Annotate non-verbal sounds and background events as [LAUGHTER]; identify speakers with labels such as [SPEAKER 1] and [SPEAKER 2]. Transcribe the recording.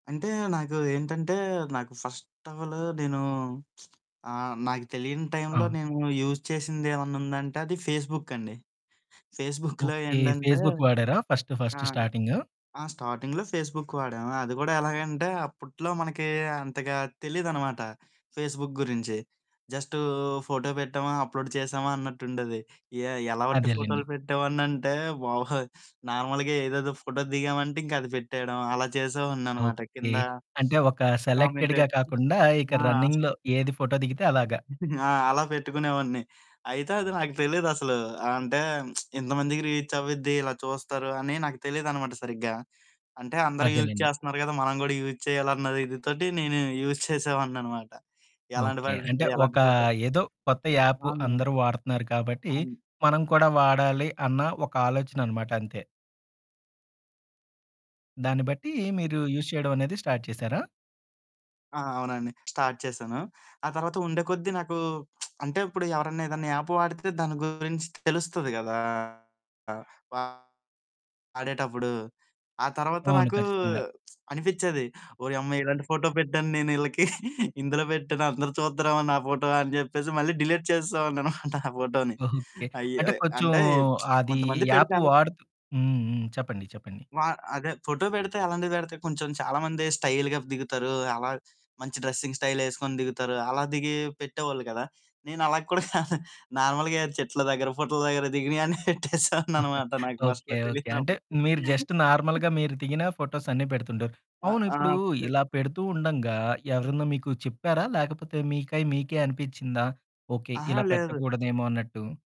[SPEAKER 1] అంటే, నాకు ఏంటంటే, నాకు ఫస్ట్ ఆఫ్ ఆల్ నేను [SMACKS LIPS] ఆహ్, నాకు తెలియని టైమ్‌లో
[SPEAKER 2] అవును.
[SPEAKER 1] నేను యూజ్ చేసిందేవన్నా ఉందంటే, అది ఫేస్‌బుక్ అండి. ఫేస్‌బుక్‌లో
[SPEAKER 2] ఓకే.
[SPEAKER 1] ఏండంటే
[SPEAKER 2] ఫేస్‌బుక్ వాడారా ఫస్ట్,
[SPEAKER 1] ఆ!
[SPEAKER 2] First starting?
[SPEAKER 1] ఆ! స్టార్టింగ్‌లో ఫేస్‌బుక్ వాడాము. అది గూడా ఎలాగంటే, అప్పట్లో మనకి అంతగా తెలీదనమాట ఫేస్‌బుక్ గురించి. జస్టు ఫోటో బెట్టామా, అప్‌లోడ్ చేశామా, అన్నట్టుండేది. ఎ ఎలాంటి
[SPEAKER 2] అదేలెండి.
[SPEAKER 1] ఫోటోలు పెట్టేవాడినంటే, బాబోయ్! నార్మల్‌గా ఏదేదో ఫోటో దిగామంటే, ఇంకా అది పెట్టేయడం అలా చేసేవాడిననమాట.
[SPEAKER 2] ఓకే.
[SPEAKER 1] కింద
[SPEAKER 2] అంటే, ఒక
[SPEAKER 1] కామెంట్
[SPEAKER 2] సెలెక్టెడ్‌గా కాకుండా ఇక
[SPEAKER 1] ఆ!
[SPEAKER 2] రన్నింగ్‌లో ఏది ఫోటో దిగితే అలాగా.
[SPEAKER 1] [GIGGLES] ఆ! అలా పెట్టుకునేవాడిని. అయితే, అది నాకు తెలీదసలు. అంటే, [SMACKS LIPS] ఇంతమందికి రీచ్ అవ్విద్ది, ఇలా చూస్తారు, అని నాకు తెలీదనమాట సరిగ్గా. అంటే, అందరూ యూజ్
[SPEAKER 2] అదేలెండి.
[SPEAKER 1] చేస్తన్నారు గదా! మనం గూడా యూజ్ చేయాలన్న ఇది తోటి నేను యూజ్ చేసేవాడిననమాట. ఎలాంటి
[SPEAKER 2] ఓకే. అంటే,
[SPEAKER 1] పడిందే అలాంటి
[SPEAKER 2] ఒక
[SPEAKER 1] ఫోటో
[SPEAKER 2] ఏదో కొత్త యాపు
[SPEAKER 1] అవును.
[SPEAKER 2] అందరూ వాడుతున్నారు. కాబట్టి,
[SPEAKER 1] అవును.
[SPEAKER 2] మనం కూడా వాడాలి అన్నా ఒక ఆలోచననమాట అంతే. దాన్ని బట్టి మీరు యూజ్ చేయడమనేది స్టార్ట్ చేశారా?
[SPEAKER 1] ఆ! అవునండి. స్టార్ట్ చేశాను. ఆ తర్వాత ఉండే కొద్దీ నాకు [SMACKS LIPS] అంటే, ఇప్పుడు ఎవరన్నా ఏదన్నా యాపు వాడితే దాని గురించి తెలుస్తది గదా! ఆ! బాగా ఆడేటప్పుడు. ఆ తర్వాత
[SPEAKER 2] అవును.
[SPEAKER 1] నాకు
[SPEAKER 2] ఖచ్చితంగా!
[SPEAKER 1] [SMACKS LIPS] అనిపిచ్చేది ఓరియమ్మ! ఇలాంటి ఫోటో పెట్టాను నేనీళ్ళకి [GIGGLES] ఇందులో బెట్టానా అందరూ చూత్తరేమో నా ఫోటో అని జెప్పేసి మళ్ళీ డిలీట్ చేసేసేవాడిననమాట ఆ ఫోటోని.
[SPEAKER 2] ఓకే. అంటే,
[SPEAKER 1] అయ్యో!
[SPEAKER 2] కొంచెం
[SPEAKER 1] అంటే, [SMACKS LIPS]
[SPEAKER 2] అదీ
[SPEAKER 1] కొంతమంది పెడితే
[SPEAKER 2] యాపు
[SPEAKER 1] అలా
[SPEAKER 2] వాడుతు హ్మ్. హ్మ్. చెప్పండి, చెప్పండి.
[SPEAKER 1] వా అదే ఫోటో బెడితే అలాంటివి బెడితే కొంచెం చాలామంది స్టయిల్‌గా దిగుతారు. అలా మంచి డ్రెస్సింగ్ స్టయిలేసుకొని దిగుతారు. అలా దిగి పెట్టేవాళ్ళు గదా! నేనలా కూడా కాదు నార్మల్‌‌గా చెట్ల దగ్గర, పుట్టల దగ్గర దిగినయన్ని పెట్టేసేవాడినన్నమాట
[SPEAKER 2] [CHUCKLES]
[SPEAKER 1] నాకు
[SPEAKER 2] ఓకే.
[SPEAKER 1] ఫస్ట్‌లో
[SPEAKER 2] ఓకే. అంటే,
[SPEAKER 1] తెలియనప్పుడు.
[SPEAKER 2] మీరు జస్ట్
[SPEAKER 1] [CHUCKLES]
[SPEAKER 2] నార్మల్‌గా మీరు దిగిన ఫోటోస్ అన్ని పెడుతుంటారు.
[SPEAKER 1] ఆ!
[SPEAKER 2] అవును. ఇప్పుడు
[SPEAKER 1] ఆ! పె
[SPEAKER 2] ఇలా పెడుతూ ఉండంగా, ఎవరన్నా మీకు చెప్పారా? లేకపోతే, మీకై మీకే అనిపిచ్చిందా ఓకే.
[SPEAKER 1] అహా!
[SPEAKER 2] ఇలా
[SPEAKER 1] లేదు.
[SPEAKER 2] పెట్టకూడదేమో అన్నట్టు?